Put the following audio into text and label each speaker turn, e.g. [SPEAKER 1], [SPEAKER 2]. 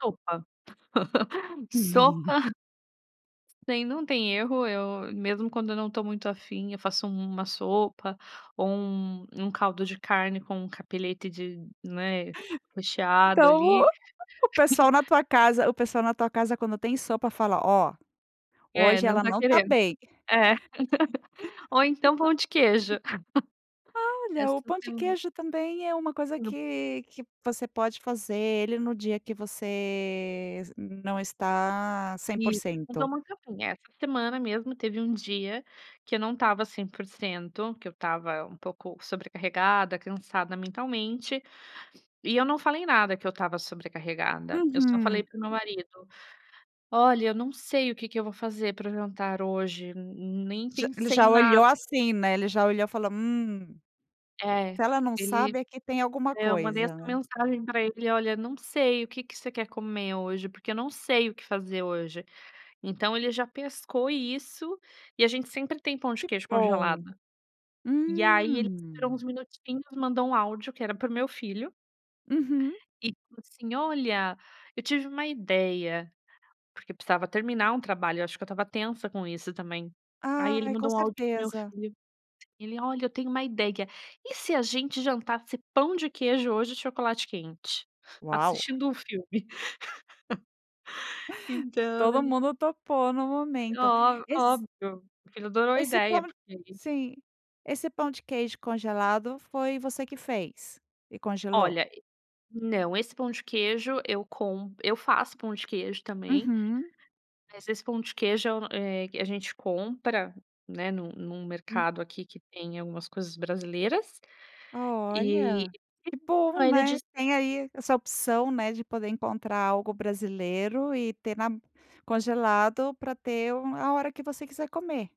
[SPEAKER 1] Sopa, sopa. Tem não tem erro. Eu, mesmo quando eu não tô muito afim, eu faço um uma sopa, ou um0 um caldo de carne com um cappeletti de né, recheado
[SPEAKER 2] Então,
[SPEAKER 1] ali.
[SPEAKER 2] o pessoal na tua casa o pessoal na tua casa quando tem sopa fala: "Ó,
[SPEAKER 1] É,
[SPEAKER 2] hoje
[SPEAKER 1] não
[SPEAKER 2] ela
[SPEAKER 1] tá
[SPEAKER 2] não tá
[SPEAKER 1] querendo.
[SPEAKER 2] bem".
[SPEAKER 1] É. Ou então pão de queijo É
[SPEAKER 2] Olha, o
[SPEAKER 1] assim
[SPEAKER 2] pão
[SPEAKER 1] que
[SPEAKER 2] de
[SPEAKER 1] eu vou
[SPEAKER 2] queijo também é uma coisa
[SPEAKER 1] E no
[SPEAKER 2] que que você pode fazer ele no dia que você não está cem por
[SPEAKER 1] Isso.
[SPEAKER 2] cento.
[SPEAKER 1] [unintelligible] Essa semana mesmo teve um dia que eu não estava 100%, que eu estava um pouco sobrecarregada, cansada mentalmente. E eu não falei nada que eu estava sobrecarregada, eu só falei
[SPEAKER 2] Uhum.
[SPEAKER 1] para o meu marido: "Olha, eu não sei o que que eu vou fazer para o jantar hoje, ne nem
[SPEAKER 2] Já ele
[SPEAKER 1] pensei em
[SPEAKER 2] já
[SPEAKER 1] nada".
[SPEAKER 2] olhou assim, né, ele já olhou e falou: "Hum,
[SPEAKER 1] É.
[SPEAKER 2] se ela não
[SPEAKER 1] Ele
[SPEAKER 2] sabe, é que tem alguma
[SPEAKER 1] é, eu mandei essa
[SPEAKER 2] coisa", né.
[SPEAKER 1] mensagem pra ele: "Olha, não sei, o que que você quer comer hoje? Porque eu não sei o que fazer hoje". Então ele já pescou isso, e a gente sempre tem pão de
[SPEAKER 2] Que
[SPEAKER 1] queijo congelado.
[SPEAKER 2] bom!
[SPEAKER 1] E aí ele tirou uns
[SPEAKER 2] Hum.
[SPEAKER 1] minutinhos mandou um áudio que era para o meu filho
[SPEAKER 2] Uhum.
[SPEAKER 1] e ele falou assim: "Olha, eu tive uma ideia". Porque precisava terminar um trabalho, eu acho que eu estava tensa com isso também. Aí ele
[SPEAKER 2] Ai, com
[SPEAKER 1] mandou um áudio para o meu
[SPEAKER 2] certeza.
[SPEAKER 1] filho, ele: "Olha, eu tenho um ideia. E se a gente jantasse pão de queijo hoje, e chocolate quente?
[SPEAKER 2] Uau!
[SPEAKER 1] assistindo um filme?". Então
[SPEAKER 2] Todo
[SPEAKER 1] ele
[SPEAKER 2] mundo topou no momento.
[SPEAKER 1] Ó
[SPEAKER 2] Esse
[SPEAKER 1] óbvio. Porque adorou a
[SPEAKER 2] esse
[SPEAKER 1] ideia,
[SPEAKER 2] pã
[SPEAKER 1] porque
[SPEAKER 2] sim. Esse pão de queijo congelado foi você que fez? E congelou?
[SPEAKER 1] Olha, e não, esse pão de queijo eu com eu faço pão de queijo também.
[SPEAKER 2] Uhum.
[SPEAKER 1] Mas esse pão de queijo, eh, a gente compra, né, num num
[SPEAKER 2] Hum.
[SPEAKER 1] mercado aqui que tem algumas coisas brasileiras. E
[SPEAKER 2] Olha, que bom,
[SPEAKER 1] [unintelligible] ele
[SPEAKER 2] né.
[SPEAKER 1] diz
[SPEAKER 2] Tem aí essa opção, né, de poder encontrar algo brasileiro e ter na congelado, pra ter um a hora que você quiser comer.